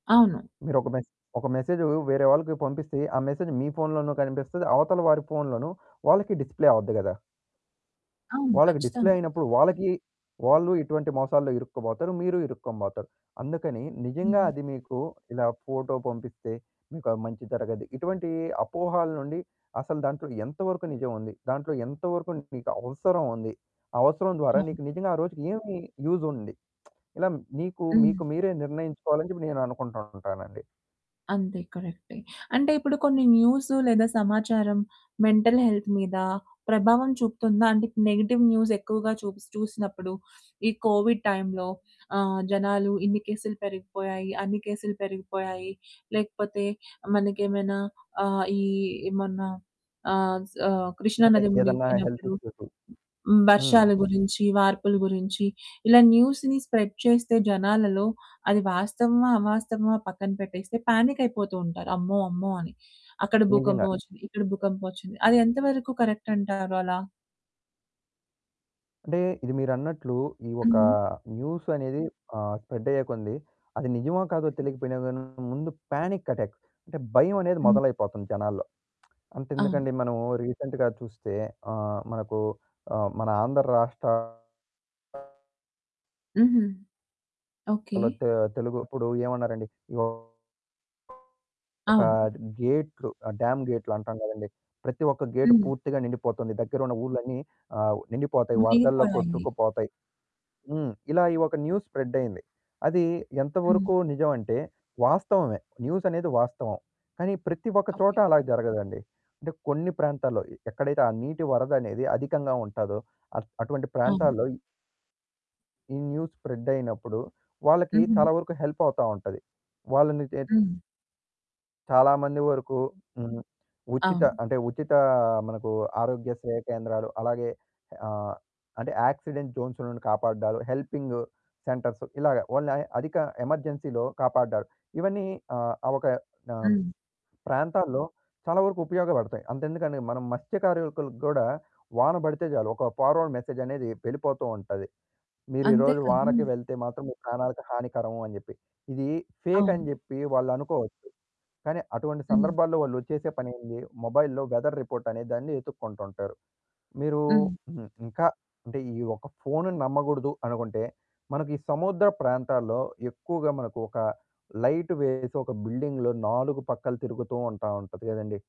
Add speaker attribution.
Speaker 1: అవును.
Speaker 2: మీరొక మెసె ఒక మెసేజు వేరే వాళ్ళకి పంపిస్తే, ఆ మెసేజు మీ ఫోన్‌లోనూ కనిపిస్తది, అవతలి వారి ఫోన్‌లోను వాళ్ళకి డిస్‌ప్లే అవ్వుద్ది గదా!
Speaker 1: అవును.
Speaker 2: వాళ్ళకి డిస్‌ప్లే
Speaker 1: ఖచ్చితంగా.
Speaker 2: అయినప్పుడు వాళ్ళకి వాళ్ళు ఇటువంటి మోసాల్లో ఇరుక్కోబోతారు, మీరు ఇరుక్కోనిబోతారు. అందుకని నిజంగా
Speaker 1: హ్మ్.
Speaker 2: అది మీకు ఇలా ఫోటో పంపిస్తే మీకు ఆ మంచి జరగది. ఇటువంటి అపోహలనుండి అసలు దాంట్లో ఎంత వరకు నిజముంది. దాంట్లో ఎంతవరకు నీకు అవసరముంది. ఆ అవసరం ద్వారా
Speaker 1: అవును.
Speaker 2: నీకు నిజంగా ఆ రోజుకి ఏమి యూజ్ ఉంది. ఇలా మీకు
Speaker 1: హ్మ్.
Speaker 2: మీకు మీరే నిర్ణయించుకోవాలని చెప్పి నేననుకుంటు ఉంటానండి.
Speaker 1: అంతే కరెక్టే. అంటే ఇప్పుడు కొన్ని న్యూసు లేదా సమాచారం మెంటల్ హెల్త్ మీద ప్రభావం చూపుతుందా? అంటే నెగెటివ్ న్యూస్ ఎక్కువగా చూస్ చూసినప్పుడు. ఈ కోవిడ్ టైమ్‌లో ఆహ్, జనాలు ఇన్ని కేసులు పెరిగిపోయాయి, అన్ని కేసులు పెరిగిపోయాయి, లేకపోతే మనకేమైనా ఆహ్, ఈ మొన్న ఆహ్, సా కృష్ణా
Speaker 2: అంటే
Speaker 1: నది
Speaker 2: ఏదన్నా హెల్త్
Speaker 1: మునిగిపోయినప్పుడు,
Speaker 2: ఇష్యూసు. హ్మ్.
Speaker 1: వర్షాల గురించి, వార్పుల గురించి, ఇలా న్యూస్‌ని స్ప్రెడ్ చేస్తే జనాలలో అది వాస్తవమా అవాస్తవమా పక్కన పెట్టేస్తే పానిక్ అయిపోతూ ఉంటారు, "అమ్మో! అమ్మో!" అని. అక్కడ
Speaker 2: నిజంగా.
Speaker 1: భూకంపం ఒచ్చింది, ఇక్కడ భూకంపం ఒచ్చింది, అదెంత వరకు కరక్టంటారలా?
Speaker 2: అంటే ఇది మీరన్నట్లు ఈ ఒక
Speaker 1: హ్మ్.
Speaker 2: న్యూస్ అనేది ఆ స్ప్రెడయ్యే కొంది అది నిజమో కాదో
Speaker 1: హ్మ్.
Speaker 2: తెలియకపోయినా గాని ముందు పానిక్ అటాక్ అంటే భయమనేది
Speaker 1: హ్మ్.
Speaker 2: మొదలైపోతుంది జనాల్లో.
Speaker 1: అవును.
Speaker 2: అంతెందుకండీ మనము రీసెంట్‌గా చూస్తే ఆహ్, మనకు ఆ మన ఆంధ్ర రాష్ట్ర
Speaker 1: హుహు. ఓకే.
Speaker 2: ఆళ్ళ తె తెలుగు ఇప్పుడు ఏమన్నారండి. ఒక
Speaker 1: అవును.
Speaker 2: డ్ గేటులు డ్యామ్ గేటులు అంటాం గదండీ. ప్రతి ఒక్క గేట్
Speaker 1: హ్మ్.
Speaker 2: పూర్తిగా నిండిపోతుంది. దగ్గరున్న ఊర్లన్నీ ఆ నిండిపోతాయి. వరదల్లో
Speaker 1: మునిగిపోయాయి.
Speaker 2: కొట్టుకుపోతాయి. హ్మ్. ఇలా ఈ ఒక న్యూస్ స్ప్రెడ్ అయ్యింది. అది
Speaker 1: హ్మ్.
Speaker 2: ఎంతవరకు నిజమంటే వాస్తవమే. న్యూస్ అనేది వాస్తవం. కానీ ప్రతి ఒక్క చోట
Speaker 1: ఓకే.
Speaker 2: అలా జరగదండి. అంటే కొన్ని ప్రాంతాల్లో ఎక్కడైతే ఆ నీటి వరదనేది అధికంగా ఉంటాదో అట్ అటువంటి
Speaker 1: అవును.
Speaker 2: ప్రాంతాల్లో ఈ న్యూస్ స్ప్రెడ్ అయినప్పుడు వాళ్ళకి
Speaker 1: హుహు.
Speaker 2: చాలా వరకు హెల్ప్ అవుతా ఉంటది. వాళ్ళని చేత్
Speaker 1: హ్మ్.
Speaker 2: చాలా మంది వరకు హ్మ్. ఉచిత
Speaker 1: అవును.
Speaker 2: అంటే ఉచితా మనకు ఆరోగ్య సేవ కేంద్రాలు అలాగే ఆహ్, అంటే యాక్సిడెంట్ జోన్స్ నుండి కాపాడడాలు, హెల్పింగ్ సెంటర్స్ ఇలాగ ఓన్లీ అధిక ఎమర్జెన్సీ‌లో కాపాడారు. ఇవన్నీ ఆహ్, ఆ ఒక ఆహ్,
Speaker 1: హ్మ్.
Speaker 2: ప్రాంతాల్లో చాలా వరకు ఉపయోగపడతాయి. అంతెందుకండి మనం మత్స్యకారులకు గూడా వాన బడితే చాలు. ఒక ఫార్వర్డ్ మెసేజ్ అనేది వెళ్ళిపోతూ ఉంటది. "మీరు
Speaker 1: అంతే
Speaker 2: ఈరోజు
Speaker 1: కదూ.
Speaker 2: వానకి వెళ్తే మాత్రం మీ ప్రాణాలకి హానికరము." అని జెప్పి. ఇది ఫేక్ అని
Speaker 1: అవును.
Speaker 2: జెప్పి వాళ్ళనుకోవచ్చు. కానీ అటువంటి
Speaker 1: హ్మ్.
Speaker 2: సందర్భాల్లో వాళ్ళు చేసే పనేంది? మొబైల్‌లో వెదర్ రిపోర్ట్ అనే దాన్ని వెతుక్కుంటూ ఉంటారు. మీరు
Speaker 1: హ్మ్.
Speaker 2: హ్మ్. ఇంకా అంటే ఈ ఒక్క ఫోన్‌ను నమ్మగూడదు అనుకుంటే మనకి ఈ సముద్ర ప్రాంతాల్లో ఎక్కువగా మనకు ఒక లైట్ వేసి ఒక బిల్డింగ్‌లో నాలుగు పక్కల తిరుగుతూ ఉంటా ఉంటది కదండీ.